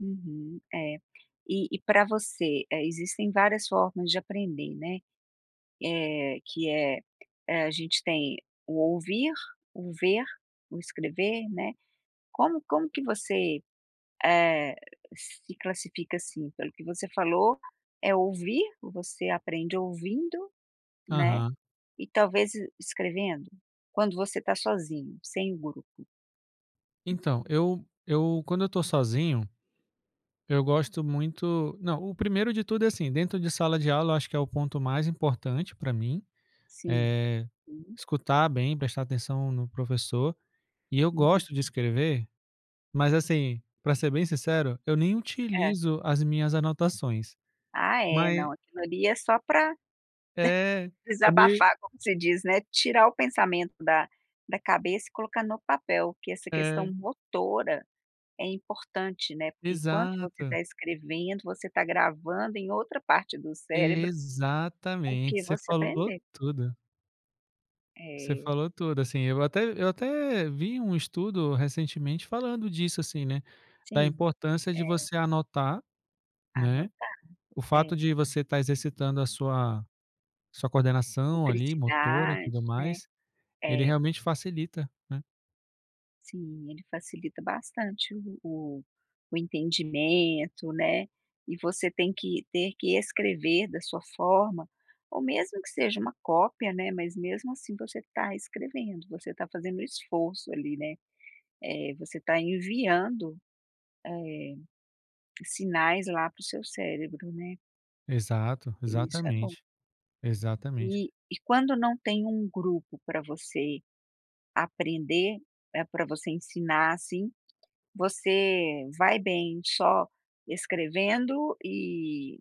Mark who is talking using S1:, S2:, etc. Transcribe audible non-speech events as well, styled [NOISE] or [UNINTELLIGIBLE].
S1: Uhum, é. E e para você, eh, existem várias formas de aprender, né. Eh, que é é, a gente tem o ouvir, o ver, o escrever, né, como como que você, eh, se classifica, assim, pelo que você falou é ouvir, você aprende ouvindo, né,
S2: Aham.
S1: e talvez e escrevendo, quando você tá sozinho, sem grupo?
S2: Então, eu eu, quando eu tô sozinho, eu gosto muito não, o primeiro de tudo é assim, dentro de sala de aula, eu acho que é o ponto mais importante para mim,
S1: Sim.
S2: eh,
S1: Hum.
S2: escutar bem, prestar atenção no professor. E eu gosto
S1: Uhum.
S2: de escrever, mas assim, para ser bem sincero, eu nem
S1: É.
S2: utilizo as minhas anotações.
S1: Ah é,
S2: Mai
S1: não, aquilo ali é só para
S2: É, é meio
S1: [CHUCKLES] desabafar, como você diz, né, tirar o pensamento da da cabeça e colocar no papel, porque essa questão
S2: É.
S1: motora é importante, né, porque enquanto você
S2: Exato.
S1: tá escrevendo, você está gravando em outra parte do cérebro o
S2: Exatamente,
S1: que
S2: você
S1: você
S2: falou
S1: aprendeu.
S2: tudo. Você
S1: É.
S2: falou tudo, assim, eu até eu até vi um estudo recentemente falando disso assim, né, da
S1: Sim.
S2: importância de
S1: É.
S2: você anotar, né,
S1: Anotar.
S2: o
S1: É.
S2: fato de você tá exercitando a sua sua coordenação, ali, motora e
S1: [UNINTELLIGIBLE]
S2: tudo
S1: né.
S2: mais, ele
S1: É.
S2: realmente facilita, né.
S1: Sim, ele facilita bastante o o o entendimento, né, e você tem que ter que escrever da sua forma, ou mesmo que seja uma cópia, né, mas mesmo assim, você tá escrevendo, você tá fazendo um esforço, ali, né, eh, você tá enviando, eh, sinais lá para o seu cérebro, né.
S2: Exato,
S1: E isso é bom.
S2: exatamente. Exatamente.
S1: E e quando não tem um grupo para você aprender, eh, para você ensinar, assim, você vai bem só escrevendo e